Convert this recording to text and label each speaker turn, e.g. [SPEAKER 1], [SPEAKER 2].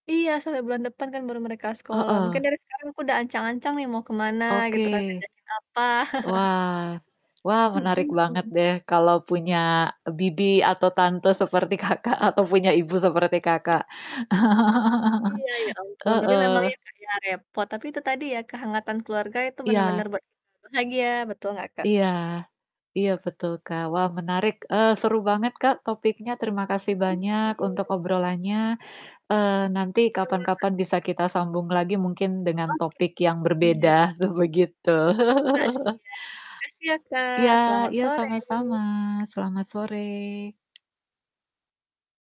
[SPEAKER 1] Iya, sampai bulan depan kan baru mereka sekolah. Mungkin
[SPEAKER 2] Heeh.
[SPEAKER 1] dari sekarang aku udah ancang-ancang nih mau ke mana,
[SPEAKER 2] Oke.
[SPEAKER 1] gitu kan, ngajakin apa.
[SPEAKER 2] Wah wah,
[SPEAKER 1] Mhm
[SPEAKER 2] menarik banget
[SPEAKER 1] mhm.
[SPEAKER 2] deh kalau punya, e bibi atau tante seperti Kakak atau punya ibu seperti
[SPEAKER 1] [unintelligible]
[SPEAKER 2] Kakak.
[SPEAKER 1] Iya, ya ampun, tapi memang
[SPEAKER 2] Heeh.
[SPEAKER 1] ya, Kak, ya, repot. Tapi itu tadi ya, kehangatan keluarga itu bener-bener
[SPEAKER 2] Iya.
[SPEAKER 1] buat kita bahagia, betul enggak, Kak?
[SPEAKER 2] Iya. Iya betul, Kak. Wah, menarik, eee, seru banget, Kak, topiknya. Terima kasih
[SPEAKER 1] Mhm,
[SPEAKER 2] banyak untuk
[SPEAKER 1] iya.
[SPEAKER 2] obrolannya, eee, nanti
[SPEAKER 1] Iya Kak.
[SPEAKER 2] kapan-kapan bisa kita sambung lagi mungkin dengan
[SPEAKER 1] Oke.
[SPEAKER 2] topik yang berbeda
[SPEAKER 1] Siap.
[SPEAKER 2] tuh, begitu.
[SPEAKER 1] Oke, Kak, siap. Makasih ya, Kak,
[SPEAKER 2] Iya
[SPEAKER 1] selamat
[SPEAKER 2] iya sama-sama.
[SPEAKER 1] sore.
[SPEAKER 2] Selamat sore.